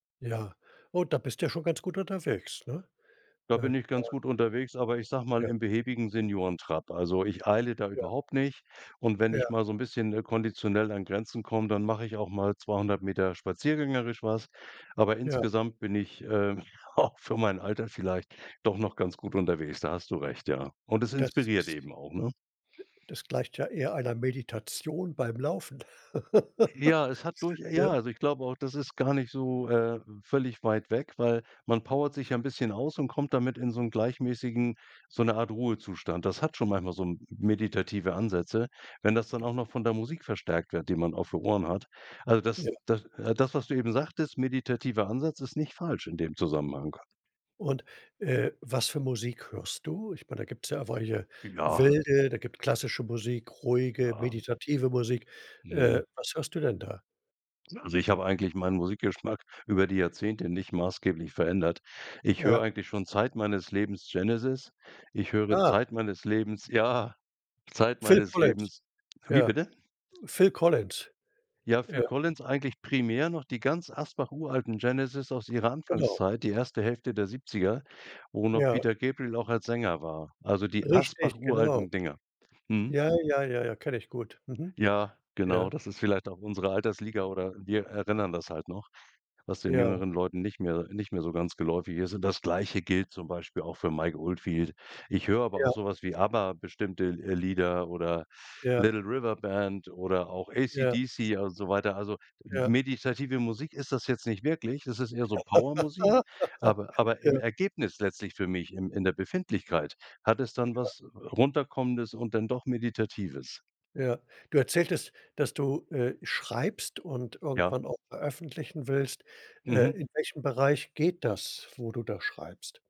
Ja. Oh, da bist du ja schon ganz gut unterwegs, ne? Da Äh, bin ich da ganz gut unterwegs, aber ich sage mal, Ja. im behäbigen Seniorentrab. Also, ich eile da Ja. überhaupt nicht. Und wenn ich Ja. mal so 'n bisschen ne, konditionell an Grenzen komme, dann mache ich auch mal 200 m spaziergängerisch was. Aber Ja. insgesamt bin ich, ähm, auch für mein Alter vielleicht doch noch ganz gut Ja. unterwegs, da hast du recht, ja. Und es Das inspiriert das eben auch, ne? das gleicht ja eher einer Meditation beim Laufen. Ja, es hat durch ja, Ja? also, ich glaube auch, das ist gar nicht so, äh, völlig weit weg, weil man Ja. powert sich 'n bisschen aus und kommt damit in so 'n gleichmäßigen so 'ne Art Ruhezustand. Das hat schon manchmal so 'n m meditative Ansätze, wenn das dann auch noch von der Musik verstärkt wird, die man auf den Ohren hat. Also, das Ja. d äh, das, was du eben sagtest: „Meditativer Ansatz“ ist nicht falsch in dem Zusammenhang. Und, äh, was für Musik hörst du? Ich meine, da gibt's ja weiche, Ja. wilde, da gibt's klassische Musik, ruhige, Ja. meditative Musik. Äh, Mhm. was hörst du denn da? Na, also, ich habe eigentlich meinen Musikgeschmack über die Jahrzehnte nicht maßgeblich verändert. Ich Ja. höre eigentlich schon Zeit meines Lebens Genesis. Ich höre Ah. Zeit meines Lebens ja, Zeit Phil meines Collins Lebens. Wie ja, bitte? Phil Collins. Ja, Ja. Phil Collins [unintelligible] eigentlich primär, noch die ganz Asbach uralten Genesis aus ihrer Genau. Anfangszeit, die erste Hälfte der 70er, wo noch Ja. Peter Gabriel auch als Sänger war. Also, die Asbach Richtig! Genau. uralten Dinger. Mhm. Ja, ja, ja, ja, kenne ich gut. Mhm. Ja, genau, Ja. das ist vielleicht auch unsere Altersliga oder wir erinnern das halt noch, was den Ja. jüngeren Leuten nicht mehr nicht mehr so ganz geläufig ist, und das Gleiche gilt zum Beispiel auch für Mike Oldfield. Ich höre aber Ja. auch so was wie Abba, bestimmte L äh, Lieder oder Ja. Little River Band oder auch Ja. ACDC und so weiter. Also, m Ja. meditative Musik ist das jetzt nicht wirklich, das ist eher so Power-Musik, aber aber im ,Ja. Ergebnis letztlich für mich, im in der Befindlichkeit, hat es dann Ja. was, äh, Runterkommendes und dann doch Meditatives. Ja. Du erzähltest, dass du, äh, schreibst und Ja. irgendwann auch veröffentlichen willst. Äh, Mhm. in welchem Bereich geht das, wo du da schreibst?